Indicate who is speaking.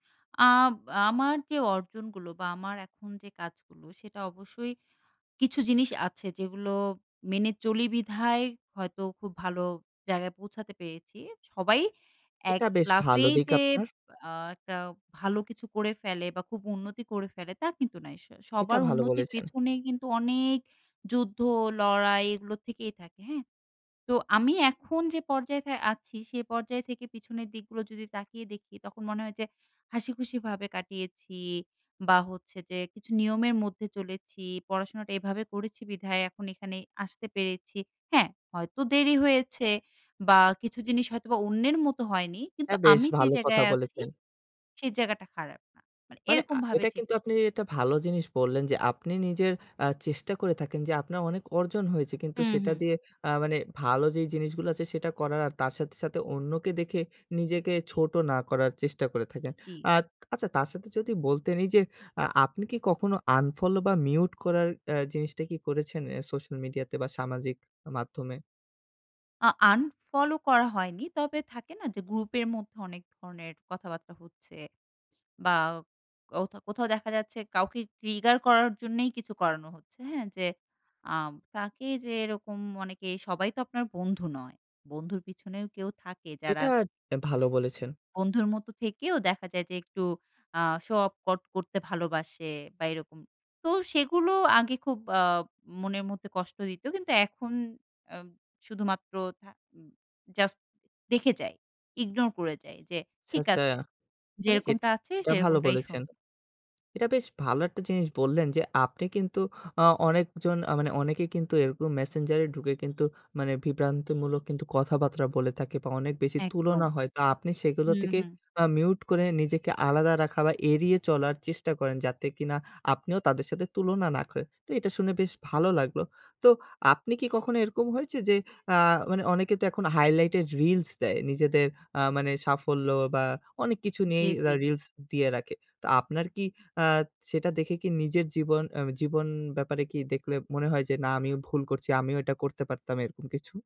Speaker 1: আব আমার যে, অর্জনগুলো, বা আমার এখন যে, কাজগুলো সেটা অবশ্যই কিছু জিনিস আছে, যেগুলো মেনে চলি বিধায় হয়তো খুব ভালো জায়গায় পৌঁছাতে পেরেছি। সবাই এক
Speaker 2: এটা বেশ ভালো
Speaker 1: লাফেই
Speaker 2: দিক
Speaker 1: যে,
Speaker 2: আপনার।
Speaker 1: আ একটা ভালো কিছু করে ফেলে, বা খুব উন্নতি করে ফেলে তা কিন্তু নয়।
Speaker 2: এটা
Speaker 1: সবার
Speaker 2: ভালো
Speaker 1: উন্নতির
Speaker 2: বলেছেন।
Speaker 1: পেছনে কিন্তু অনেক যুদ্ধ লড়াই এগুলো থেকেই থাকে। হ্যাঁ? তো আমি এখন যে, পর্যায়ে আছি, সে পর্যায় থেকে পিছনের দিকগুলো যদি তাকিয়ে দেখি, তখন মনে হয় যে, হাসিখুশিভাবে কাটিয়েছি, বা হচ্ছে যে, কিছু নিয়মের মধ্যে চলেছি পড়াশোনাটা এভাবে করেছি বিধায়, এখন এখানে আসতে পেরেছি, হ্যাঁ? হয়তো দেরি হয়েছে, বা কিছু জিনিস হয়তোবা অন্যের মতো হয়নি কিন্তু
Speaker 2: হ্যাঁ, বেশ
Speaker 1: আমি যে,
Speaker 2: ভালো কথা
Speaker 1: জায়গায় আছি
Speaker 2: বলেছেন।
Speaker 1: সেই জায়গাটা খারাপ না, মানে
Speaker 2: মানে, আ
Speaker 1: এরকমভাবে
Speaker 2: এটা কিন্তু
Speaker 1: চিন্তা
Speaker 2: আপনি
Speaker 1: করি।
Speaker 2: একটা ভালো জিনিস বললেন, যে, আপনি নিজের আ চেষ্টা করে থাকেন, যে, আপনার অনেক অর্জন হয়েছে কিন্তু
Speaker 1: হু,
Speaker 2: সেটা
Speaker 1: হুম।
Speaker 2: দিয়ে আ মানে ভালো, যে, জিনিসগুলো আছে সেটা করার, আর তার সাথে, সাথে অন্যকে দেখে নিজেকে ছোট না করার চেষ্টা করে থাকেন।
Speaker 1: কি?
Speaker 2: আ আচ্ছা, তার সাথে যদি বলতে নেই, যে, আপনি কি কখনো আনফলো, বা মিউট করার আ জিনিসটা কি করেছেন? এ সোশ্যাল মিডিয়া তে বা সামাজিক মাধ্যমে।
Speaker 1: আ আনফলো করা হয়নি। তবে থাকে না যে, গ্রুপ এর মধ্যে অনেক ধরণের কথাবার্তা হচ্ছে বা কোথাও, কোথাও দেখা যাচ্ছে কাউকে ট্রিগার করার জন্যই কিছু করানো হচ্ছে। হ্যাঁ, যে, আ তাকে যে, এরকম অনেকে সবাই তো আপনার বন্ধু নয়। বন্ধুর পেছনেও কেউ থাকে যারা
Speaker 2: এটা ভালো বলেছেন।
Speaker 1: বন্ধুর মত থেকেও দেখা যায়, যে, একটু আ শো অফ কট করতে ভালোবাসে, বা এরকম। তো সেগুলো আগে খুব আ মনের মধ্যে কষ্ট দিত। কিন্তু এখন আ শুধুমাত্র জাস্ট দেখে যাই। ইগনোর করে যাই যে,
Speaker 2: আচ্ছা,
Speaker 1: ঠিক
Speaker 2: আচ্ছা।
Speaker 1: আছে।
Speaker 2: মানে এট
Speaker 1: যেরকমটা আছে
Speaker 2: এটা ভালো
Speaker 1: সেরকমটাই
Speaker 2: বলেছেন।
Speaker 1: সুন্দর।
Speaker 2: এটা বেশ ভালো, একটা জিনিস বললেন যে, আপনি কিন্তু অনেকজন আ মানে অনেকে কিন্তু এরকম মেসেঞ্জারে ঢুকে, মানে কিন্তু বিভ্রান্তিমূলক কিন্তু কথাবার্তা বলে থাকে, বা অনেক বেশি
Speaker 1: একদম।
Speaker 2: তুলনা হয়। তো আপনি সেগুলো
Speaker 1: হুম,
Speaker 2: থেকে
Speaker 1: হুম।
Speaker 2: মিউট করে নিজেকে আলাদা রাখা, বা এড়িয়ে চলার চেষ্টা করেন যাতে কিনা আপনিও তাদের সাথে তুলনা, না করেন। তো এটা শুনে বেশ ভালো লাগলো। তো আপনি কি কখনো এরকম হয়েছে যে, আ মানে অনেকে তো এখন হাইলাইটের রিলস দেয়, নিজেদের আ মানে সাফল্য বা অনেক কিছু
Speaker 1: জ্বী,
Speaker 2: নিয়েই
Speaker 1: জ্বী।
Speaker 2: রিলস দিয়ে রাখে। তো আপনার কি আ সেটা দেখে কি নিজের জীবন, আ জীবন ব্যাপারে কি দেখলে মনে হয় যে, না, আমিও ভুল করছি, আমিও এটা করতে পারতাম এরকম কিছু?